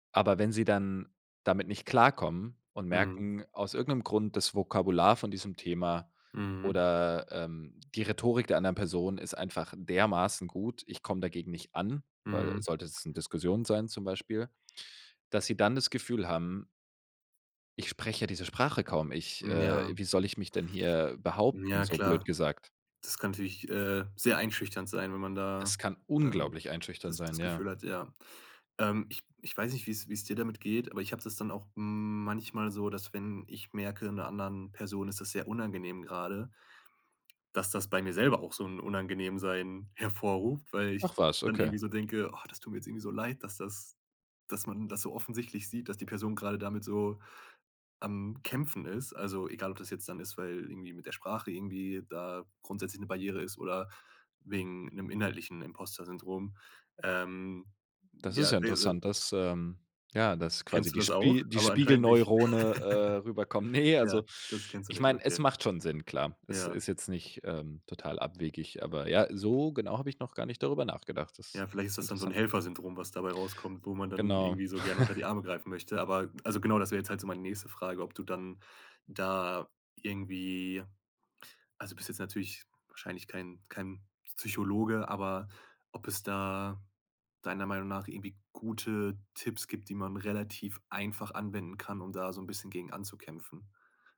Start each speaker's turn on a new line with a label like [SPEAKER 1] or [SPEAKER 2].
[SPEAKER 1] Aber wenn sie dann damit nicht klarkommen und
[SPEAKER 2] Mhm.
[SPEAKER 1] merken aus irgendeinem Grund, das Vokabular von diesem Thema
[SPEAKER 2] Mhm.
[SPEAKER 1] oder, ähm, die Rhetorik der anderen Person ist einfach dermaßen gut, ich komme dagegen nicht an weil
[SPEAKER 2] Mhm.
[SPEAKER 1] sollte es 'ne Diskussion sein zum Beispiel, dass sie dann das Gefühl haben „Ich spreche ja diese Sprache kaum, ich,
[SPEAKER 2] Mhm,
[SPEAKER 1] äh
[SPEAKER 2] ja.
[SPEAKER 1] wie soll ich mich denn hier behaupten?“,
[SPEAKER 2] Ja,
[SPEAKER 1] so blöd
[SPEAKER 2] klar.
[SPEAKER 1] gesagt.
[SPEAKER 2] Das kann natürlich, äh, sehr einschüchternd sein, wenn man
[SPEAKER 1] Das
[SPEAKER 2] da,
[SPEAKER 1] kann
[SPEAKER 2] äh,
[SPEAKER 1] unglaublich einschüchternd
[SPEAKER 2] das
[SPEAKER 1] sein,
[SPEAKER 2] das Gefühl
[SPEAKER 1] ja.
[SPEAKER 2] hat, ja. Ähm, ich ich weiß nicht, wie's wie's dir damit geht, aber ich habe das dann auch manchmal so, dass, wenn ich merke, 'ner anderen Person ist das sehr unangenehm grade, dass das bei mir selber auch so 'n Unangenehmsein hervorruft, weil ich
[SPEAKER 1] Ach was,
[SPEAKER 2] dann
[SPEAKER 1] okay.
[SPEAKER 2] irgendwie so denke: „Och, das tut mir jetzt irgendwie so leid, dass das dass man das so offensichtlich sieht, dass die Person gerade damit so am Kämpfen ist.“ Also egal, ob das jetzt dann ist, weil irgendwie mit der Sprache irgendwie da grundsätzlich 'ne Barriere ist, oder wegen 'nem inhaltlichen Imposter-Syndrom. Ähm,
[SPEAKER 1] Das ist
[SPEAKER 2] ja,
[SPEAKER 1] ja
[SPEAKER 2] ne, äh
[SPEAKER 1] interessant, dass, ähm, ja, dass quasi
[SPEAKER 2] Kennst du
[SPEAKER 1] die
[SPEAKER 2] das auch?
[SPEAKER 1] Spi die
[SPEAKER 2] Aber anscheinend nicht.
[SPEAKER 1] Spiegelneurone, äh, rüberkommen. Ne,
[SPEAKER 2] Ja,
[SPEAKER 1] also
[SPEAKER 2] das kennst du
[SPEAKER 1] ich
[SPEAKER 2] nicht,
[SPEAKER 1] meine, es
[SPEAKER 2] okay.
[SPEAKER 1] macht schon Sinn, klar. Es
[SPEAKER 2] Ja.
[SPEAKER 1] ist jetzt nicht, ähm, total abwegig, aber ja, so genau habe ich noch gar nicht darüber nachgedacht. Das
[SPEAKER 2] Ja, vielleicht ist
[SPEAKER 1] ist
[SPEAKER 2] das dann so 'n
[SPEAKER 1] interessant.
[SPEAKER 2] Helfersyndrom, was dabei rauskommt, wo man dann
[SPEAKER 1] Genau.
[SPEAKER 2] irgendwie so gerne unter die Arme greifen möchte, aber also genau, das wäre jetzt halt so meine nächste Frage, ob du dann da irgendwie also du bist jetzt natürlich wahrscheinlich kein kein Psychologe, aber ob es da deiner Meinung nach irgendwie gute Tipps gibt, die man relativ einfach anwenden kann, um da so 'n bisschen gegen anzukämpfen.